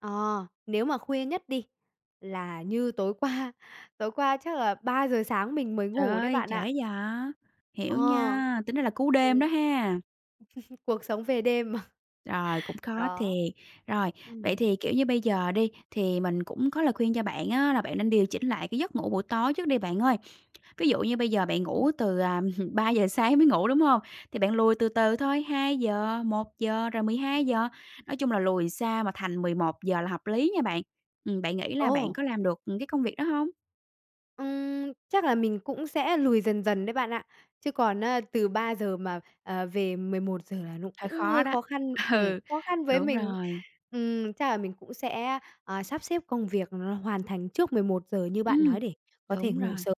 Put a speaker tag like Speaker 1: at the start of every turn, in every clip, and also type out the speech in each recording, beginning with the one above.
Speaker 1: Ờ, nếu mà khuya nhất đi là như tối qua, tối qua chắc là 3:00 sáng mình mới
Speaker 2: Trời
Speaker 1: ngủ đấy
Speaker 2: ơi,
Speaker 1: bạn
Speaker 2: trễ
Speaker 1: ạ.
Speaker 2: vậy!
Speaker 1: Ờ.
Speaker 2: Hiểu nha, tính ra là cú đêm đó
Speaker 1: Ừm.
Speaker 2: ha.
Speaker 1: Cuộc sống về đêm mà.
Speaker 2: Rồi, cũng khó
Speaker 1: Đó.
Speaker 2: thiệt. Rồi, vậy
Speaker 1: Ừm.
Speaker 2: thì, kiểu như, bây giờ đi, thì mình cũng có lời khuyên cho bạn á là bạn nên điều chỉnh lại cái giấc ngủ buổi tối trước đi bạn ơi. Ví dụ như bây giờ bạn
Speaker 1: Ừm.
Speaker 2: ngủ từ, à, 3:00 sáng mới ngủ, đúng hông? Thì bạn lùi từ từ thôi, 2:00, 1:00, rồi 12:00, nói chung là lùi xa mà thành 11:00 là hợp lý nha bạn. Ừm, bạn nghĩ là bạn
Speaker 1: Ồ!
Speaker 2: có làm được, ừm, cái công việc đó hông?
Speaker 1: Ừm, chắc là mình cũng sẽ lùi dần dần đấy bạn ạ, chứ còn á, từ 3:00 mà, ờ, về 11:00 là nó
Speaker 2: Hơi
Speaker 1: cũng
Speaker 2: khó
Speaker 1: hơi
Speaker 2: đó.
Speaker 1: khó khăn, ừm,
Speaker 2: Ừ,
Speaker 1: khó khăn với
Speaker 2: đúng
Speaker 1: mình.
Speaker 2: rồi.
Speaker 1: Ừm, chắc là mình cũng sẽ, ờ, sắp xếp công việc nó hoàn thành trước 11:00 như bạn
Speaker 2: Ừm,
Speaker 1: nói để có thể
Speaker 2: đúng
Speaker 1: ngủ
Speaker 2: rồi.
Speaker 1: sớm.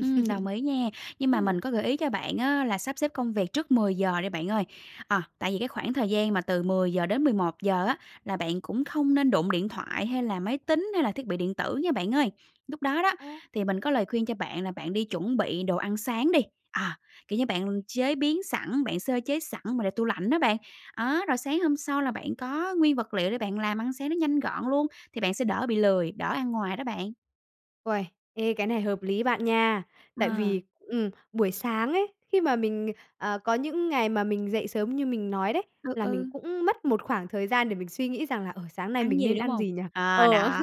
Speaker 2: Ừm, đồng ý nha. Nhưng mà mình
Speaker 1: Ừm.
Speaker 2: có gợi ý cho bạn á, là sắp xếp công việc trước 10:00 đi bạn ơi, ờ, tại vì cái khoảng thời gian mà từ 10:00-11:00 á, là bạn cũng không nên đụng điện thoại, hay là máy tính hay là thiết bị điện tử nha bạn ơi. Lúc đó đó,
Speaker 1: Ơ.
Speaker 2: thì mình có lời khuyên cho bạn là bạn đi chuẩn bị đồ ăn sáng đi, à, kiểu như, bạn chế biến sẵn, bạn sơ chế sẵn mà để tủ lạnh đó bạn. Đó, rồi sáng hôm sau là bạn có nguyên vật liệu để bạn làm ăn sáng nó nhanh gọn luôn thì bạn sẽ đỡ bị lười, đỡ ăn ngoài đó bạn.
Speaker 1: Uầy, ê, cái này hợp lý bạn nha. Tại
Speaker 2: Ờ.
Speaker 1: vì, ừm, buổi sáng ấy, khi mà mình, ờ, ờ, có những ngày mà mình dậy sớm như mình nói đấy,
Speaker 2: Ừ,
Speaker 1: là mình
Speaker 2: ừ.
Speaker 1: cũng mất một khoảng thời gian để mình suy nghĩ rằng là, ờ, sáng nay
Speaker 2: Ăn
Speaker 1: mình
Speaker 2: gì,
Speaker 1: nên
Speaker 2: đúng
Speaker 1: ăn
Speaker 2: hông?
Speaker 1: gì nhỉ?
Speaker 2: Ờ,
Speaker 1: Ờ.
Speaker 2: đó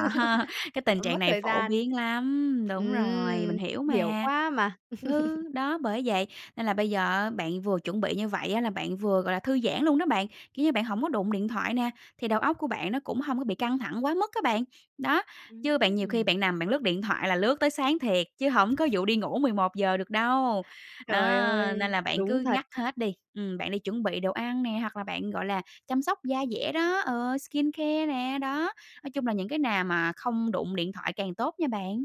Speaker 2: cái tình
Speaker 1: Ưm,
Speaker 2: trạng
Speaker 1: mất
Speaker 2: này
Speaker 1: thời
Speaker 2: phổ
Speaker 1: gian.
Speaker 2: biến lắm, đúng rồi, mình
Speaker 1: Ừm,
Speaker 2: hiểu
Speaker 1: hiểu
Speaker 2: mà.
Speaker 1: quá mà.
Speaker 2: Ừ, đó bởi vậy, nên là bây giờ á, bạn vừa chuẩn bị như vậy á, là bạn vừa, gọi là, thư giãn luôn đó bạn, kiểu như, bạn hổng có đụng điện thoại nè, thì đầu óc của bạn nó cũng hông có bị căng thẳng quá mức á bạn. Đó,
Speaker 1: Ưm,
Speaker 2: chứ bạn
Speaker 1: ừm,
Speaker 2: nhiều khi
Speaker 1: ừm.
Speaker 2: bạn nằm bạn lướt điện thoại là lướt tới sáng thiệt chứ hổng có vụ đi ngủ 11:00 được đâu. Đó,
Speaker 1: Trời
Speaker 2: nên
Speaker 1: ơi,
Speaker 2: là bạn
Speaker 1: đúng
Speaker 2: cứ
Speaker 1: thật.
Speaker 2: ngắt hết đi, ừm, bạn đi chuẩn bị đồ ăn nè hoặc là bạn, gọi là, chăm sóc da dẻ đó, ừ, skincare nè, đó. Nói chung là những cái nào mà không đụng điện thoại càng tốt nha bạn.